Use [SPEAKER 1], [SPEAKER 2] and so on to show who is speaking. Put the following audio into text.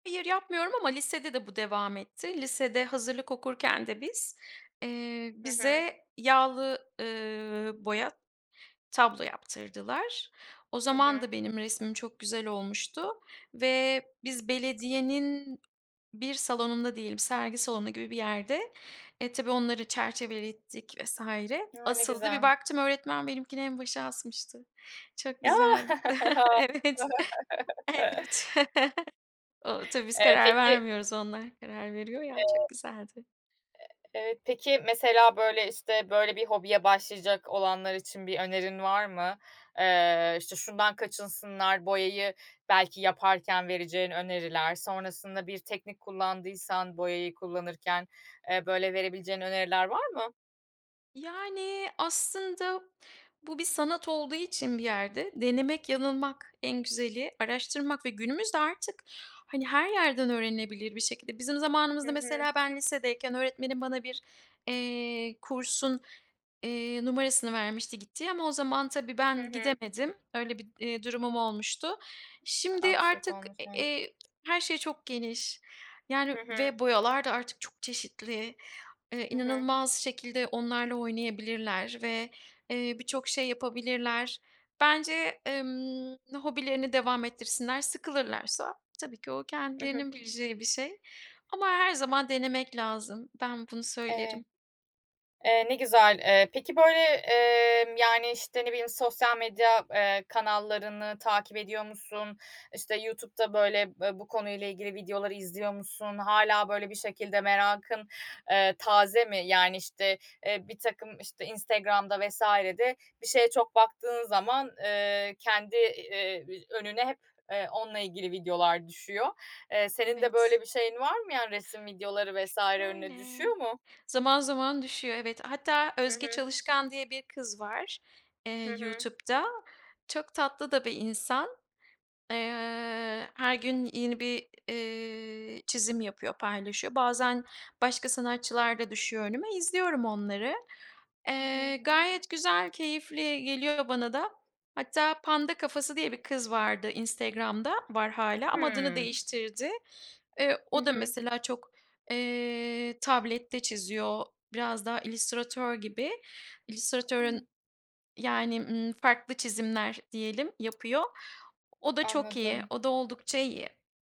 [SPEAKER 1] Hayır yapmıyorum ama lisede de bu devam etti. Lisede hazırlık okurken de biz, eee,
[SPEAKER 2] Hı hı.
[SPEAKER 1] bize yağlı, ııı, boya tablo yaptırdılar. O
[SPEAKER 2] Hı
[SPEAKER 1] zaman
[SPEAKER 2] hı.
[SPEAKER 1] da benim resmim çok güzel olmuştu. Ve biz belediyenin bir salonunda diyelim, sergi salonu gibi bir yerde, eee, tabii onları çerçevelettik vs.
[SPEAKER 2] Ya ne
[SPEAKER 1] asıldı. Bir
[SPEAKER 2] güzel.
[SPEAKER 1] baktım öğretmen benimkini en başa asmıştı. Çok
[SPEAKER 2] Ya!
[SPEAKER 1] güzeldi.
[SPEAKER 2] A!
[SPEAKER 1] evet. Evet. O tabii biz
[SPEAKER 2] Eee,
[SPEAKER 1] karar
[SPEAKER 2] peki.
[SPEAKER 1] vermiyoruz onlar karar veriyor ya, çok
[SPEAKER 2] Eee
[SPEAKER 1] güzeldi.
[SPEAKER 2] Eee, peki, mesela, böyle, işte, böyle, bir hobiye başlayacak olanlar için bir önerin var mı? Eee, işte şundan kaçınsınlar boyayı belki yaparken vereceğin öneriler. Sonrasında bir teknik kullandıysan boyayı kullanırken, eee, böyle, verebileceğin öneriler var mı?
[SPEAKER 1] Yani, aslında bu bir sanat olduğu için bir yerde denemek yanılmak en güzeli. Araştırmak ve günümüzde artık hani, yerden öğrenilebilir bir şekilde. Bizim
[SPEAKER 2] Hı
[SPEAKER 1] zamanımızda
[SPEAKER 2] hı.
[SPEAKER 1] mesela ben lisedeyken öğretmenim bana bir, eee, kursun, eee, numarasını vermişti gittiği ama o zaman tabii
[SPEAKER 2] Hı
[SPEAKER 1] ben
[SPEAKER 2] hı.
[SPEAKER 1] gidemedim, öyle bir, eee, durumum olmuştu. Şimdi
[SPEAKER 2] Aksilik
[SPEAKER 1] artık,
[SPEAKER 2] olmuş, hı hı.
[SPEAKER 1] eee, her şey çok geniş.
[SPEAKER 2] Hı
[SPEAKER 1] Yani
[SPEAKER 2] hı.
[SPEAKER 1] ve boyalar da artık çok çeşitli, eee
[SPEAKER 2] Hı hı.
[SPEAKER 1] inanılmaz şekilde onlarla oynayabilirler ve, eee, birçok şey yapabilirler. Bence, emm, hobilerini devam ettirsinler. Sıkılırlarsa tabii ki o
[SPEAKER 2] I hı.
[SPEAKER 1] kendilerinin bileceği bir şey. ama her zaman denemek lazım. Ben bunu
[SPEAKER 2] Eee
[SPEAKER 1] söylerim.
[SPEAKER 2] Eee, ne güzel. Eee, peki, böyle, emm, yani, işte, ne bileyim sosyal medya, eee, kanallarını takip ediyor musun? İşte YouTube'da, böyle, bu konuyla ilgili videoları izliyor musun? Hâlâ böyle bir şekilde merakın, eee, taze mi? Yani işte, eee, birtakım, işte, Instagram'da vs.de bir şeye çok baktığın zaman, eee, kendi, eee, önüne hep onunla ilgili videolar düşüyor. Eee, senin de
[SPEAKER 1] Evet.
[SPEAKER 2] böyle bir şeyin var mı yani resim videoları
[SPEAKER 1] Ş
[SPEAKER 2] vs. önüne
[SPEAKER 1] şöyle.
[SPEAKER 2] düşüyor mu?
[SPEAKER 1] Zaman zaman düşüyor evet. Hatta
[SPEAKER 2] Hı
[SPEAKER 1] Özge
[SPEAKER 2] hı.
[SPEAKER 1] Çalışkan diye bir kız var, eee,
[SPEAKER 2] Hı hı.
[SPEAKER 1] YouTube'da. Çok tatlı da bir insan. Eee, her gün yeni bir, eee, çizim yapıyor, paylaşıyor. Bazen başka sanatçılar da düşüyor önüme, izliyorum onları.
[SPEAKER 2] Hı hı.
[SPEAKER 1] Eee, gayet güzel, keyifli geliyor bana da. Hatta Panda Kafası diye bir kız vardı Instagram'da var hâlâ ama adını
[SPEAKER 2] Hımm.
[SPEAKER 1] değiştirdi. Eee,
[SPEAKER 2] Hı
[SPEAKER 1] o da
[SPEAKER 2] hı.
[SPEAKER 1] mesela çok, eee, tablette çiziyor, biraz daha illüstratör gibi.
[SPEAKER 2] Ih.
[SPEAKER 1] İllüstratörün yani, ımm, farklı çizimler diyelim yapıyor. O da çok iyi,
[SPEAKER 2] Anladım.
[SPEAKER 1] o da oldukça iyi.